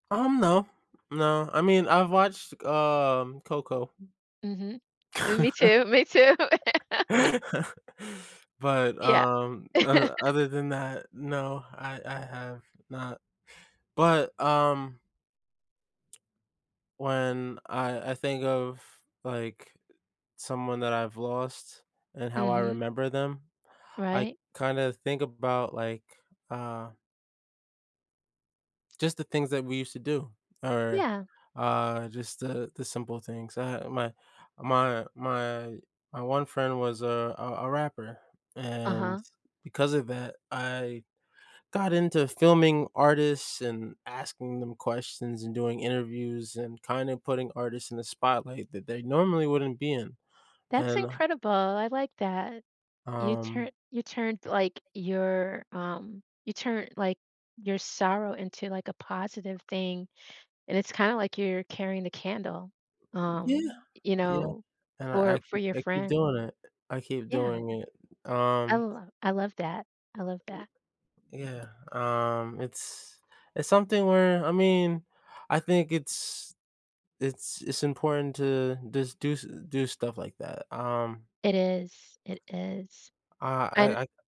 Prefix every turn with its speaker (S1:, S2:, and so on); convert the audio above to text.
S1: Um, no, no, I mean, I've watched, um, Coco.
S2: Mhm. Me too, me too.
S1: But,
S2: Yeah.
S1: um, oth other than that, no, I I have not. But, um When I I think of, like, someone that I've lost and how I
S2: Mhm.
S1: remember them, I
S2: Right.
S1: kind of think about, like, uh just the things that we used to do, or,
S2: Yeah.
S1: uh, just the the simple things. Uh, my my my my one friend was a a a rapper, and
S2: Uh-huh.
S1: because of that, I got into filming artists and asking them questions and doing interviews and kind of putting artists in the spotlight that they normally wouldn't be in,
S2: That's
S1: and
S2: incredible, I like that. You
S1: um
S2: turn you turned, like, your, um you turn, like, your sorrow into, like, a positive thing, and it's kinda, like, you're carrying the candle,
S1: Yeah,
S2: um, you
S1: yeah.
S2: know,
S1: And I I
S2: for for
S1: keep
S2: your
S1: I keep
S2: friend.
S1: doing it, I keep
S2: Yeah.
S1: doing it,
S2: I
S1: um
S2: l I love that, I love that.
S1: I yeah, um, it's it's something where, I mean, I think it's it's it's important to just do st do stuff like that, um
S2: It is, it is,
S1: I
S2: and
S1: I I